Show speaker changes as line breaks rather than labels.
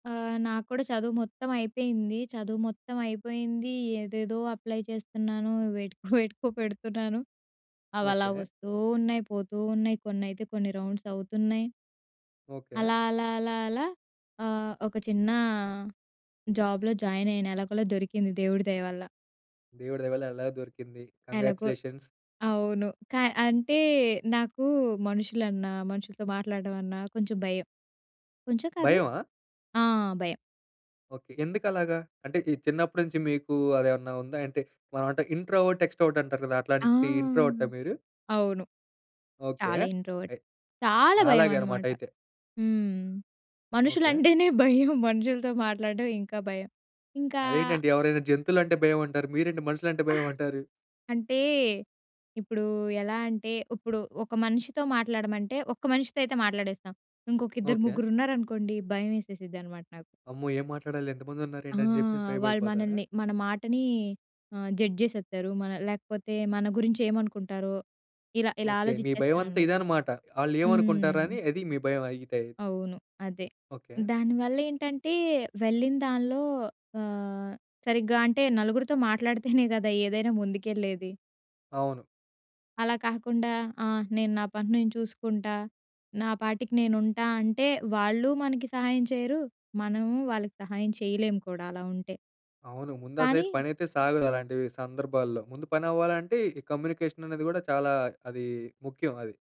ఆహ్, నాకు కూడా చదువు మొత్తం అయిపోయింది. చదువు మొత్తం అయిపోయిందీ, ఏదేదో అప్లై చేస్తన్నాను. వేటికో, వేటికో పెడుతున్నాను. అవలా
ఓకే.
ఒస్తూ ఉన్నయి, పోతూ ఉన్నయి. కొన్నైతే కొన్ని రౌండ్సవుతున్నయి.
ఓకే.
అలా, అలా, అలా అలా ఆహ్, ఒక చిన్నా జాబ్‌లో జాయినయిన. ఎలాగొలా దొరికింది దేవుడి దయ వల్ల.
దేవుడి దయవల్ల ఎలాగొ దొరికింది.
ఎలగో.
కాంగ్రాచ్యులేషన్స్.
అవును. కా అంటే, నాకూ మనుషులన్నా, మనుషులతో మాట్లాడడం అన్నా, కొంచుం భయం. కొంచెం కాదు
భయమా?
ఆ! భయం.
ఓకే. ఎందుకలాగా? అంటే, ఈ చిన్నప్పడి నుంచి మీకూ అదేవన్నా ఉందా అంటే, మనవంటాం ఇంట్రోవర్ట్, ఎక్స్‌ట్రో‌వర్ట్ అంటారు గదా!
ఆ!
అట్లాంటి ఇంట్రోవర్టా మీరు?
అవును.
ఓకే.
చాలా ఇంట్రోవర్ట్.
అయ్
చాలా
నాలాగే
భయమనమాట.
అనమాటయితే.
హ్మ్.
ఓకే.
మనుషులంటేనే భయం. మనుషులతో మాట్లాడడం ఇంకా భయం. ఇంకా
అదేంటండి, ఎవరైనా జంతువులంటే భయవంటారు. మీరేంటి మనుషులంటే భయవంటారు?
అంటే, ఇప్పుడూ ఎలా అంటే, ఉప్పుడు ఒక మనిషితో మాట్లాడమంటే, ఒక్క మనిషితో అయితే మాట్లాడేస్తా. ఇంకొక ఇద్దరు,
ఓకే.
ముగ్గురున్నారనుకోండి, భయం వేసేసిద్దనమాట నాకు.
అమ్మో! ఏం మాట్లాడాలి,
ఆ!
ఎంతమందున్నారేంటని జెప్పేసి
వాళ్ళు
భయపడిపోతారా?
మనలని మన మాటనీ ఆహ్, జడ్జేసేత్తారు మనల్ లేకపోతే మన గురించేమనుకుంటారో, ఇలా ఇలా
ఓకే. మీ భయమంతా
ఆలోజిచ్చేస్తాననమాట.
ఇదనమాట. ఆళ్ళేవనుకుంటారా
హ్మ్.
అని, అది మీ భయం అయితే.
అవును. అదే.
ఓకే.
దాని వల్లేంటంటే, వెళ్ళిన దాన్లో ఆహ్, సరిగ్గా అంటే, నలుగురుతో మాట్లాడితేనే గదా ఏదైనా ముందుకెళ్ళేది.
అవును.
అలా కాకుండా, ఆ! నేను నా పని నేను చూసుకుంటా, నా పాటికి నేనుంటా అంటే, వాళ్ళూ మనకి సహాయం చెయరు. మనము వాళ్ళకి సహాయం చెయలేము కూడా అలా ఉంటే.
అవును. ముందసలైతే
కానీ
పనైతే సాగదు అలాంటివీ సందర్భాల్లో. ముందు పనవ్వాలంటే, ఈ కమ్యూనికేషననేది గూడా చాలా అదీ ముఖ్యం అది.